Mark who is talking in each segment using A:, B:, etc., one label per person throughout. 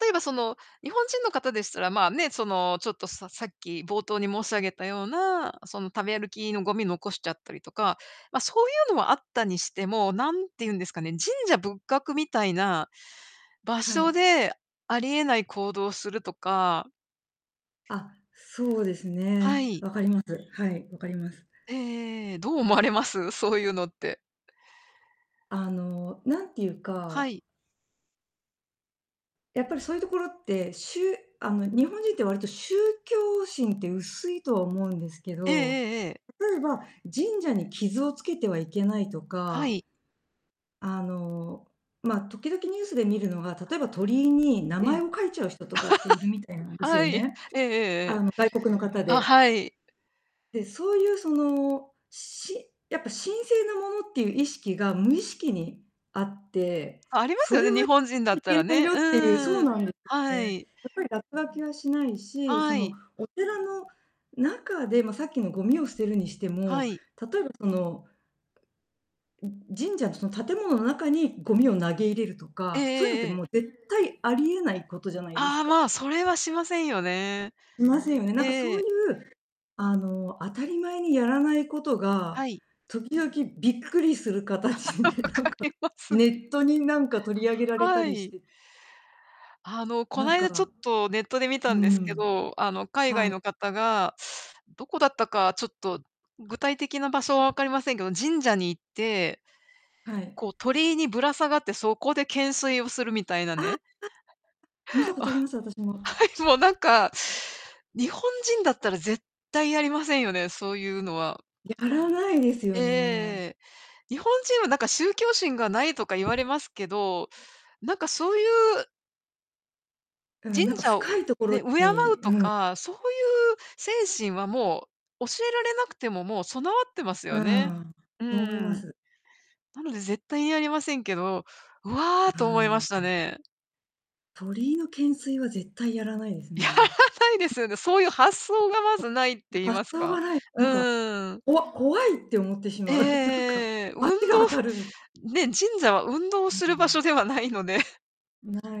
A: 例えばその、日本人の方でしたら、まあね、その、ちょっとささっき冒頭に申し上げたような、その、食べ歩きのゴミ残しちゃったりとか、まあ、そういうのはあったにしても、何て言うんですかね、神社仏閣みたいな、場
B: は
A: 所
B: い。
A: で、あり得ない行動をするとか
B: あ、そうです
A: は
B: ね。
A: い。
B: わかります。はい、わかります。
A: ええええええ。どう思われます？そういうのって。
B: あの、なんていう
A: は
B: か
A: い。
B: やっぱりそういうところって、しゅあの、日本人って割と宗教心って薄いとは思うんですけ
A: ええ
B: ど、
A: ええええ。
B: 例えば、神社に傷をつけてはいけないと
A: は
B: か
A: い。
B: あの、ま、時々ニュースで見るのが、
A: はい。
B: 例えば、鳥居に名
A: え
B: 前
A: え。
B: を書いちゃう人とかっているみたいなん です
A: は
B: よ
A: い、
B: ね。
A: ええええ
B: あ
A: ええ。
B: の、外国の方
A: あ、
B: で
A: はい。
B: で、そういうその、しやっぱ神聖なものっていう意識が無意識にあって、
A: あ、あります
B: そ
A: よ
B: れ
A: ね、
B: は
A: 日
B: い
A: 本人だった
B: け
A: ら
B: ない
A: ね。
B: よっ
A: うん
B: ていうそ
A: うん
B: う
A: うん。
B: なんですよ
A: は
B: ね。
A: い。
B: やっぱり落書きはしないし、そ
A: は
B: の、
A: い。
B: お寺の中で、ま、さっきのごみを捨てるにして
A: は
B: も、
A: い。
B: 例えばそのん、ん、神社のその建物の中に、ごみを投げ入れると
A: ええ
B: か、そういうのっ
A: え
B: て
A: えええ。
B: もう絶対あり得ないことじゃないです
A: ああ、
B: か。
A: まあ、それはしませんよね。
B: しませんよね。なんか
A: え
B: そうい
A: え。
B: う、あの、当たり前にやらないこと
A: は
B: が、
A: い。
B: 時々びっくりする 形
A: 分
B: でなん
A: か
B: か、
A: ります。
B: ネットになんか取り上げられた
A: は
B: りし
A: い。
B: て
A: あの、こ
B: なん
A: ないだちょっ
B: か
A: とネットで見た
B: う
A: んですけ
B: ん。
A: ど。あの、海
B: は
A: 外
B: い。
A: の方が、どこだったか、ちょっと具体的な場所は分かりませんけど、神社に行って、
B: はい。
A: こう、鳥居にぶら下がって、そこで懸垂をするみたいな
B: ああ。
A: ね。
B: 見たこ
A: あ、
B: と
A: は
B: あります、私も。
A: い、もうなんか、日本人だったら絶対やりませんよね、そういうのは。
B: やらないですよね。
A: ええ。日本人はなんか宗教心がないとか言われますけど、なんかそういう
B: うん、
A: 神
B: なんか
A: 社
B: 深
A: をう
B: いところ
A: ね、敬う
B: にう
A: と
B: ん。
A: か、そういう精神はもう、教えられなくても、もう備わってます
B: う
A: よね。
B: ん、
A: う
B: 思いま
A: ん。
B: す。
A: なので絶対にやりませんけど「う
B: う
A: わ」と思いま
B: ー
A: し
B: ん。
A: たね。
B: 鳥居の懸垂は絶対やらないです
A: やら
B: ね。
A: ないですよね。そういう発想
B: ちょっ
A: がまずないって言い
B: と、発
A: ます
B: 想
A: か。
B: がない、なんか、
A: うん。
B: こわ怖いって思ってし
A: えええええ
B: まう。
A: え
B: なんか
A: ええええ。運
B: バ
A: 動
B: チが当 たるみ
A: ね、神社は運動
B: うー
A: する場所
B: ん。
A: ではないので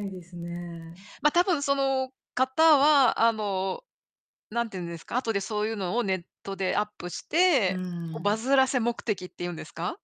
B: ないですね。
A: ま、多分その方は、あの、なんていうんですか、後でそういうのをネットでアップし
B: う
A: て、こうバ
B: ん。
A: ズらせ目的っていうんですか？